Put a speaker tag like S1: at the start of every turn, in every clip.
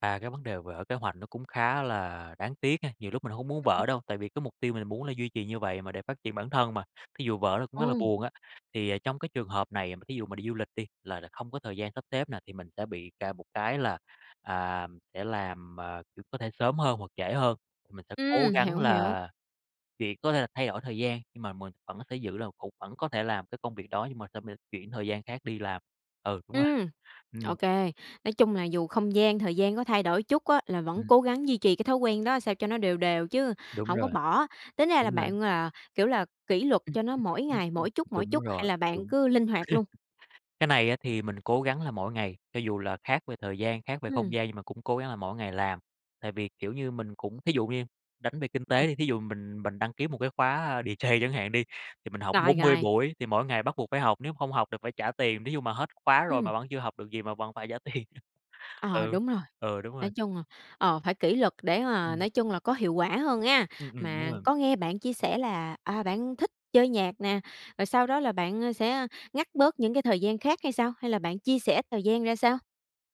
S1: À, cái vấn đề vỡ kế hoạch nó cũng khá là đáng tiếc ha. Nhiều lúc mình hông muốn
S2: Ừm.
S1: vỡ đâu, tại vì cái mục tiêu mình muốn là duy trì như vậy mà, để phát triển bản thân mà, thí dụ vỡ nó cũng rất là
S2: Ừm.
S1: buồn á. Thì, ờ, trong cái trường hợp này mà thí dụ mà đi du lịch đi, là là không có thời gian sắp xếp nè, thì mình sẽ bị cà một cái là, à, sẽ làm, à, có thể sớm hơn hoặc trễ hơn. Mình sẽ cố
S2: Ừm,
S1: gắng
S2: hiểu, hiểu.
S1: là việc có thể là thay đổi thời gian, nhưng mà mình vẫn sẽ giữ là cũng vẫn có thể làm cái công việc đó, nhưng mà sẽ m chuyển thời gian khác đi làm. Ừ, đúng rồi.
S2: Ừm,
S1: Ừm.
S2: OK. Nói chung là dù không gian, thời gian có thay đổi chút á, là vẫn
S1: Ừm.
S2: cố gắng duy trì cái thói quen đó sao cho nó đều đều chứ
S1: Đúng
S2: hổng có
S1: rồi.
S2: bỏ. Tính ra là
S1: Đúng rồi.
S2: bạn, à, kiểu là kỷ luật
S1: Ừm
S2: cho nó mỗi ngày,
S1: [unintelligible]
S2: mỗi chút, mỗi
S1: đúng
S2: chút, hay
S1: rồi,
S2: là
S1: đúng.
S2: bạn cứ linh hoạt luôn?
S1: Cái này á thì mình cố gắng là mỗi ngày, cho dù là khác về thời gian, khác về không
S2: Ừm.
S1: gian, nhưng mà cũng cố gắng là mỗi ngày làm. Tại vì, kiểu như, mình cũng thí dụ như đánh về kinh
S2: Ừm.
S1: tế thì thí dụ mình mình đăng ký một cái khóa DJ chẳng hạn đi, thì mình học
S2: Rồi,
S1: 40
S2: rồi.
S1: buổi thì mỗi ngày bắt buộc phải học, nếu không học thì phải trả tiền. Thí dụ mà hết khóa rồi
S2: Ừm.
S1: mà vẫn chưa học được gì mà vẫn phải trả tiền.
S2: Ờ,
S1: Ừ,
S2: đúng rồi.
S1: ừ, đúng
S2: Nói
S1: rồi.
S2: chung, ờ, ờ, phải kỷ luật để mà
S1: Ừm.
S2: nói chung là có hiệu quả hơn ha.
S1: Ừm, ừm, đúng
S2: Mà
S1: rồi.
S2: có nghe bạn chia sẻ là, à, bạn thích chơi nhạc nè, rồi sau đó là bạn, ơ, sẽ ngắt bớt những cái thời gian khác hay sao? Hay là bạn chia sẻ thời gian ra sao?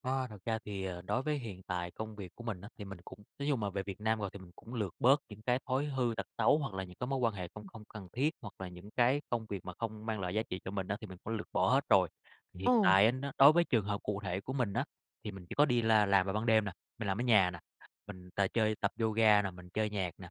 S1: Ờ, thật ra thì, ờ, đối với hiện tại công việc của mình á, thì mình cũng nói chung mà về Việt Nam rồi thì mình cũng lược bớt những cái thói hư tật xấu hoặc là những cái mối quan hệ không không cần thiết. Hoặc là những cái công việc mà không mang lại giá trị cho mình á, thì mình cũng lược bỏ hết rồi. Hiện
S2: Ồ.
S1: tại á nó đối với trường hợp cụ thể của mình á, thì mình chỉ có đi la làm vào ban đêm nè, mình làm ở nhà nè, mình t chơi tập yoga nè, mình chơi nhạc nè.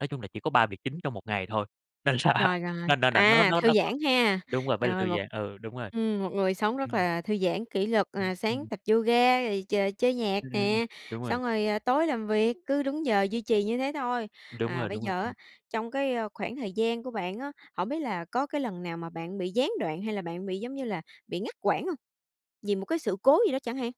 S1: Nói chung là chỉ có 3 việc chính trong một ngày thôi. Nên là
S2: Rồi, rồi,
S1: nên nà nà nó
S2: à,
S1: nó
S2: thư
S1: nó nó
S2: giãn ha.
S1: đúng rồi, phải là
S2: Rồi
S1: thư
S2: một
S1: giãn. Ừ, đúng rồi.
S2: ừm, một người sống rất
S1: Ừm.
S2: là thư giãn, kỷ luật,
S1: Ừm,
S2: à, sáng
S1: ừm.
S2: tập yoga, rồi ch chơi nhạc
S1: Ừm, ừm, ừm,
S2: nè,
S1: đúng rồi.
S2: xong rồi, ờ, tối làm việc. Cứ đúng giờ duy trì như thế thôi.
S1: Đúng
S2: À,
S1: rồi,
S2: bây
S1: đúng rồi,
S2: giờ á,
S1: ừm.
S2: trong cái, ơ, khoảng thời gian của bạn á, hổng biết là có cái lần nào mà bạn bị gián đoạn hay là bạn bị giống như là bị ngắt quãng hông? Vì một cái sự cố gì đó chẳng hạn?